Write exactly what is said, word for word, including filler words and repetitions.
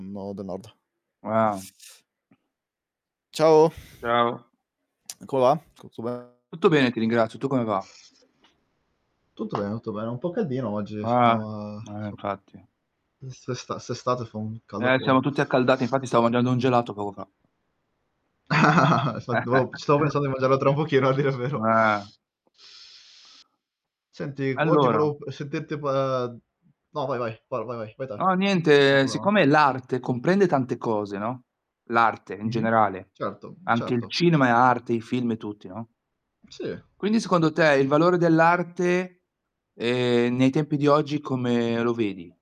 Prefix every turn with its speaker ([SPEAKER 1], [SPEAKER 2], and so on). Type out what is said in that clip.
[SPEAKER 1] nod, nord.
[SPEAKER 2] Ah.
[SPEAKER 1] Ciao.
[SPEAKER 2] Ciao.
[SPEAKER 1] Come va? Tutto bene?
[SPEAKER 2] Tutto bene ti ringrazio, tu come va?
[SPEAKER 1] Tutto ben tutto bene, un po' caldino oggi
[SPEAKER 2] Ah.
[SPEAKER 1] so
[SPEAKER 2] Eh, in
[SPEAKER 1] so
[SPEAKER 2] effetti.
[SPEAKER 1] Mh. 'St'esta st'estate fa un caldo
[SPEAKER 2] Eh, siamo
[SPEAKER 1] afoso.
[SPEAKER 2] tutti accaldati, infatti stavo mangiando un gelato poco fa.
[SPEAKER 1] Sta devo stavo pensando di mangiarlo tra un pochino, a dire il vero.
[SPEAKER 2] Eh.
[SPEAKER 1] Senti, v oggi
[SPEAKER 2] Allora
[SPEAKER 1] volevo sentirti pa mhmm, no, vai, vai. Va, va, vai, vai te,
[SPEAKER 2] No,
[SPEAKER 1] nessun
[SPEAKER 2] niente,
[SPEAKER 1] problema.
[SPEAKER 2] siccome l'arte comprende tante cose, no, l'arte, in
[SPEAKER 1] Mh-mh.
[SPEAKER 2] generale,
[SPEAKER 1] Certo,
[SPEAKER 2] anche il
[SPEAKER 1] certo.
[SPEAKER 2] cinema è arte, i film e tutti, no.
[SPEAKER 1] Sì.
[SPEAKER 2] Quindi secondo te, il valore dell'arte, ehm, nei tempi di oggi, come lo vedi?